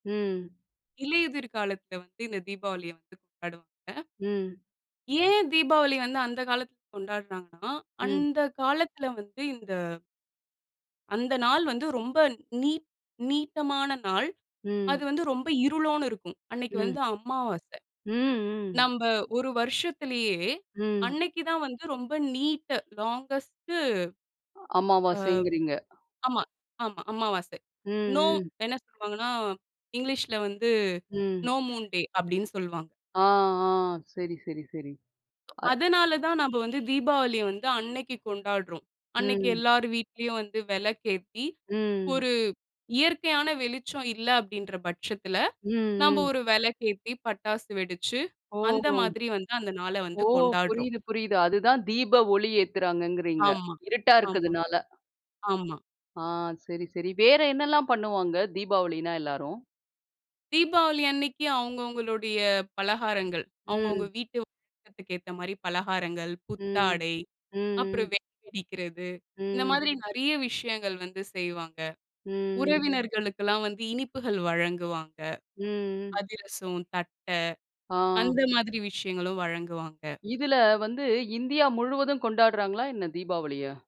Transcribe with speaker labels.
Speaker 1: ம்.
Speaker 2: இலையுதிர் காலத்தில வந்து இந்த தீபாவளியை வந்து கொண்டாடுவாங்க.
Speaker 1: ம்.
Speaker 2: ஏன் தீபாவளி வந்து அந்த காலத்தில கொண்டாடுறாங்கனா,
Speaker 1: ம்.
Speaker 2: அந்த காலத்தில வந்து இந்த அந்த நாள் வந்து ரொம்ப நீட் நீட்டமான நாள்.
Speaker 1: ம்.
Speaker 2: அது வந்து ரொம்ப இருளோன்னு இருக்கும், அன்னைக்கு
Speaker 1: ம்.
Speaker 2: வந்து அமாவாசை.
Speaker 1: ம், ம்.
Speaker 2: நம்ப ஒரு வருஷத்திலேயே,
Speaker 1: ம்.
Speaker 2: அன்னைக்கு தான் வந்து ரொம்ப நீட் லாங்கஸ்ட். ஆ.
Speaker 1: அமாவாசைங்கிறீங்க.
Speaker 2: ஆமா. ஆமா. அமாவாசை.
Speaker 1: ம்,
Speaker 2: நோ
Speaker 1: ம்.
Speaker 2: என்ன சொல்லுவாங்கனா இங்கிலீஷ்ல்ல வந்து
Speaker 1: ம்.
Speaker 2: "நோ மூன் டே" அப்டின்னு சொல்லுவாங்.
Speaker 1: ஆ ஆ, சரி, சரி, சரி. அ.
Speaker 2: அதனால தான் நம்ம வந்து தீபாவளிய வந்து அன்னைக்கு கொண்டாடுறோம். அன்னைக்கு
Speaker 1: ம்.
Speaker 2: எல்லார் வீட்லயும் வந்து விளக்கேத்தி,
Speaker 1: ம்.
Speaker 2: ஒரு இயற்கையான வெளிச்சம் இல்ல அப்படின்ற பட்சத்தில,
Speaker 1: ம்,
Speaker 2: நம்ப
Speaker 1: ம்.
Speaker 2: ஒரு விளக்கேத்தி பட்டாசு வெடிச்சு,
Speaker 1: ஓ,
Speaker 2: அந்த
Speaker 1: ஓ.
Speaker 2: மாதிரி வந்து அந்த நாள வந்து
Speaker 1: ஓ!
Speaker 2: கொண்டாடுறோம்.
Speaker 1: புரியுது, புரியுது. அதுதான் தீப ஒளி ஏத்துறாங்கங்கிறீங்க.
Speaker 2: ஆமா
Speaker 1: இருட்டா
Speaker 2: ஆமா
Speaker 1: இருக்கதுனால.
Speaker 2: ஆமா.
Speaker 1: ஆ சரி, சரி. வேற என்னலாம் பண்ணுவாங்க, தீபாவளினா எல்லாரும்?
Speaker 2: தீபாவளி அன்னைக்கு அவங்கவங்களுடைய பலகாரங்கள், அவங்கவங்க
Speaker 1: ம்.
Speaker 2: வீட்டு வழக்கத்துக்கு ஏத்த மாதிரி பலகாரங்கள்,
Speaker 1: ம்.
Speaker 2: புத்தாடை
Speaker 1: ம்,
Speaker 2: அப்புறம்
Speaker 1: ம்.
Speaker 2: வெடி வெடிக்கிறது. இந்த
Speaker 1: ம்.
Speaker 2: மாதிரி நிறைய விஷயங்கள் வந்து செய்வாங்க.
Speaker 1: ம்.
Speaker 2: உறவினர்களுக்கெல்லாம் வந்து, இனிப்புகள் வழங்குவாங்க.
Speaker 1: ம், ம்.
Speaker 2: அதிரசம், தட்ட அந்த
Speaker 1: ஆ.
Speaker 2: மாதிரி விஷயங்களும் வழங்குவாங்க.
Speaker 1: இதில வந்து இந்தியா முழுவதும் கொண்டாடுறாங்களா என்ன தீபாவளிய?